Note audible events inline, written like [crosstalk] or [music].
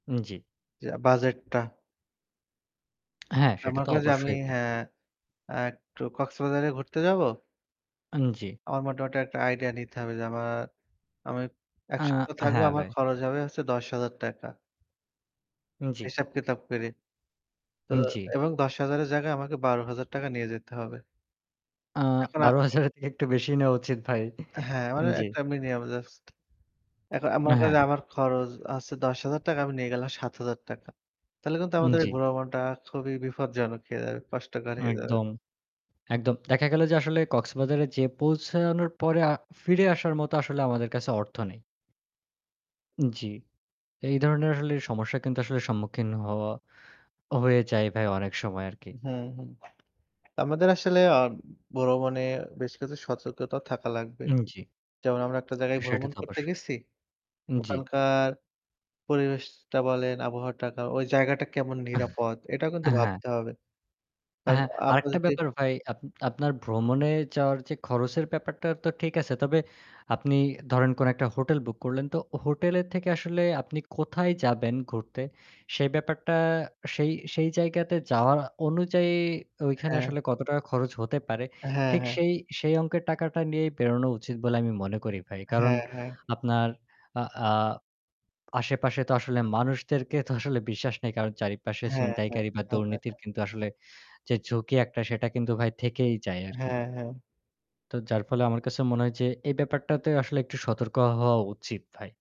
জ্বী। যে বাজেটটা। হ্যাঁ সেটা আমার তো কাজে আমি অবশ্যই ভাই। হ্যাঁ, অ্যা একটু কক্সবাজারে ঘুরতে যাবো? আন জ্বী। আমার মোটামুটি একটা আইডিয়া নিতে হবে যে আমার, আমি ১ আ সপ্তাহ থাকবো, হ্যাঁ আমার ভাই। খরচ হবে হচ্ছে ৳১০০০০ জ্বি। হিসাব কিতাব করে। তো উম জ্বি। এবং ৳১০০০০ এর জায়গায় আমাকে ৳১২০০০ নিয়ে যেতে হবে। আ এখন আ ৳১২০০০ এর থেকে একটু বেশিই নেওয়া উচিত ভাই। হ্যাঁ, মানে জ্বি। একটা মিনিয়াম জাস্ট। এখ আমার অ্যা কাছে হ্যাঁ। আমার খরচ হচ্ছে ৳১০০০০। আমি নিয়ে গেলাম ৳৭০০০। তাহলে কিন্তু উম আমাদের এই জ্বি। বুড়ো মনটা খুবই বিপজ্জনক হয়ে যাবে। কষ্টকর হয়ে যাবে। একদম, একদম। দেখা গেল যে আসলে কক্সবাজারে যেয়ে পৌঁছানোর পরে আ ফিরে আসার মতো আসলে আমাদের কাছে অর্থ নেই। জ্বি। এই ধরনের আসলে সমস্যা কিন্তু আসলে সম্মুখীন হওয়া হয়ে যায় ভাই অনেক সময় আরকি। হুম, হুম। আমাদের আসলে আম ভ্রমণ বেশ কিছু সতর্কতা থাকা লাগবে। জ্বী। যেমন আমরা একটা জায়গায় [smacks lips] সেটা ভ্রমণ অবশ্যই করতে গেছি। জ্বি। ওখানকার পরিবেশটা বলেন, আবহাওয়াটা, কা ওই জায়গাটা কেমন [chuckles] নিরাপদ এটাও কিন্তু হ্যাঁ। ভাবতে হবে। কারণ হ্যাঁ, আমরা আরেকটা যদি ব্যাপার ভাই, আপ আপনার ভ্রমণে যাওয়ার যে খরচের ব্যাপারটা তো ঠিক আছে। তবে আপনি ধরেন কোন একটা হোটেল বুক করলেন তো হোটেলের থেকে আসলে আপনি কোথায় যাবেন ঘুরতে সেই ব্যাপারটা সেই সেই জায়গাতে যাওয়ার অনুযায়ী ঐখানে হ্যাঁ। আসলে কত টাকা খরচ হতে পারে হ্যাঁ, ঠিক হ্যাঁ। সেই সেই অঙ্কের টাকাটা নিয়েই বেরোনো উচিত বলে আমি মনে করি ভাই। কারণ হ্যাঁ, হ্যাঁ। আপনার আ আ আশেপাশে তো আসলে মানুষদেরকে তো আসলে বিশ্বাস নেই কারণ চারিপাশে হ্যাঁ, হ্যাঁ। চিনতাইকারী বা হ্যাঁ, হ্যাঁ, দুর্নীতির হ্যাঁ। কিন্তু আসলে যে ঝুঁকি একটা সেটা কিন্তু ভাই থেকেই যায় আরকি। হ্যাঁ, হ্যাঁ। তো যার ফলে আমার কাছে মনে হয় যে এই ব্যাপারটাতে আসলে একটু সতর্ক হওয়া উচিত ভাই।